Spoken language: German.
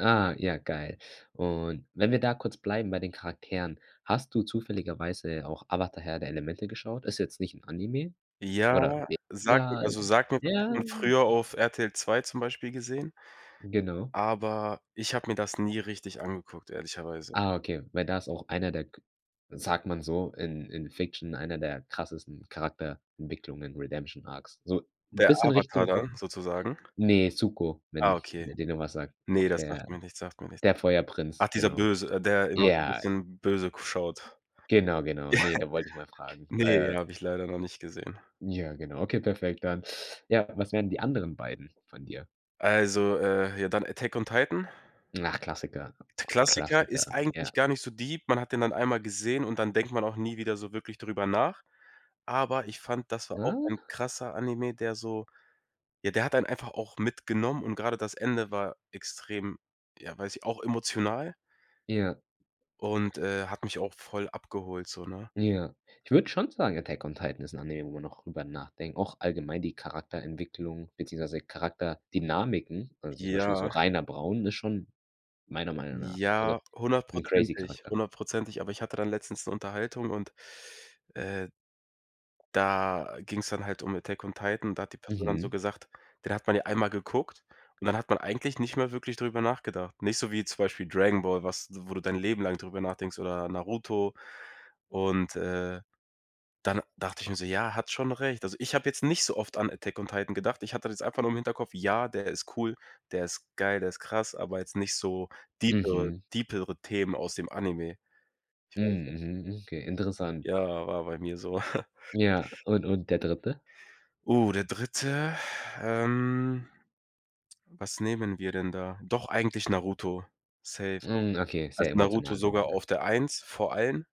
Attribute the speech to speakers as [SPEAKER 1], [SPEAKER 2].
[SPEAKER 1] Ah ja, geil. Und wenn wir da kurz bleiben bei den Charakteren, hast du zufälligerweise auch „Avatar- Herr der Elemente” geschaut? Ist jetzt nicht 'n Anime,
[SPEAKER 2] Ja,
[SPEAKER 1] oder [unintelligible]
[SPEAKER 2] sagt mi
[SPEAKER 1] Ja.
[SPEAKER 2] also, sagt mir wa [unintelligible] hat
[SPEAKER 1] Ja.
[SPEAKER 2] man früher auf RTL 2 zum Beispiel gesehen.
[SPEAKER 1] Genau.
[SPEAKER 2] Aber ich habe mir das nie richtig angeguckt, ehrlicherweise.
[SPEAKER 1] Ah, okay, weil da ist auch einer der g sagt man so, in in Fiction einer der krassesten Charakterentwicklungen, „Redemption Arcs.” So 'n
[SPEAKER 2] Der
[SPEAKER 1] bisschen
[SPEAKER 2] Avatar
[SPEAKER 1] Richtung
[SPEAKER 2] dann
[SPEAKER 1] [unintelligible]
[SPEAKER 2] sozusagen?
[SPEAKER 1] Ne, Suko,
[SPEAKER 2] Ah,
[SPEAKER 1] wenn
[SPEAKER 2] okay.
[SPEAKER 1] der dir noch was sagt,
[SPEAKER 2] Ne, das
[SPEAKER 1] der
[SPEAKER 2] sagt mir nichts sagt mir nichts.
[SPEAKER 1] der
[SPEAKER 2] Ach,
[SPEAKER 1] Feuerprinz,
[SPEAKER 2] dieser
[SPEAKER 1] genau.
[SPEAKER 2] böse, äh, der immer so
[SPEAKER 1] Ja.
[SPEAKER 2] bisschen böse k schaut.
[SPEAKER 1] Genau, genau.
[SPEAKER 2] Ja.
[SPEAKER 1] Ne, da wollt ich mal fragen.
[SPEAKER 2] Ne,
[SPEAKER 1] Äh
[SPEAKER 2] hab ich leider noch nicht gesehen.
[SPEAKER 1] Ja, genau. Okay, perfekt dann. Ja, was wären die anderen beiden von dir?
[SPEAKER 2] Also, äh, ja, dann „Attack on Titan”.
[SPEAKER 1] Ach Klassiker.
[SPEAKER 2] Klassiker, ist
[SPEAKER 1] Klassiker, ja.
[SPEAKER 2] eigentlich gar nicht so deep. Man hat den dann einmal gesehen, und dann denkt man auch nie wieder so wirklich drüber nach. Aber ich fand, das war auch
[SPEAKER 1] Ah?
[SPEAKER 2] ein krasser Anime, der so ja, der hat einen einfach auch mitgenommen und grade das Ende war extrem, ja, weiß ich auch emotional.
[SPEAKER 1] Ja.
[SPEAKER 2] und, äh, hat mich auch voll abgeholt so, ne?
[SPEAKER 1] Ja. Ich würde schon sagen, „Attack on Titan” ist 'n Anime, wo man noch drüber nachden auch allgemein die Charakterentwicklung beziehungsweise Charakterdynamiken, also zum Beispiel so
[SPEAKER 2] Ja.
[SPEAKER 1] Rainer Braun ist schon meiner Meinung nach so also
[SPEAKER 2] Ja,
[SPEAKER 1] 'n crazy
[SPEAKER 2] 100 %,
[SPEAKER 1] Charakter.
[SPEAKER 2] 100 %. Aber ich hatte dann letztens 'ne Unterhaltung und, äh da ging's dann halt um „Attack on Titan”. Da hat die Person dann so
[SPEAKER 1] Mhm.
[SPEAKER 2] gesagt: „Den hat man ja einmal geguckt, und dann hat man eigentlich nicht mehr wirklich drüber nachgedacht.“ Nicht so wie zum Beispiel „Dragon Ball”, was wo du dein Leben lang drüber nachdenkst oder „Naruto”. Und, äh, dann dachte ich mir so: „Ja, hat schon recht.” Also, ich habe jetzt nicht so oft an „Attack on Titan” gedacht. Ich hatte das jetzt einfach nur im Hinterkopf: „Ja, der ist cool, der ist geil, der ist krass“, aber jetzt nicht so deepere
[SPEAKER 1] Mhm.
[SPEAKER 2] deepere Themen aus dem Anime. Ich weiß nicht.
[SPEAKER 1] Mhm. Mhm. Okay, interessant.
[SPEAKER 2] Ja, war bei mir so.
[SPEAKER 1] Ja, und und der Dritte?
[SPEAKER 2] Oh, der Dritte. Ähm, was nehmen wir denn da? Doch eigentlich „Naruto”, safe.
[SPEAKER 1] Mhm, okay,
[SPEAKER 2] Also
[SPEAKER 1] sehr
[SPEAKER 2] „Naruto”
[SPEAKER 1] emotional auch,
[SPEAKER 2] sogar
[SPEAKER 1] ne?
[SPEAKER 2] auf der 1, vor allen.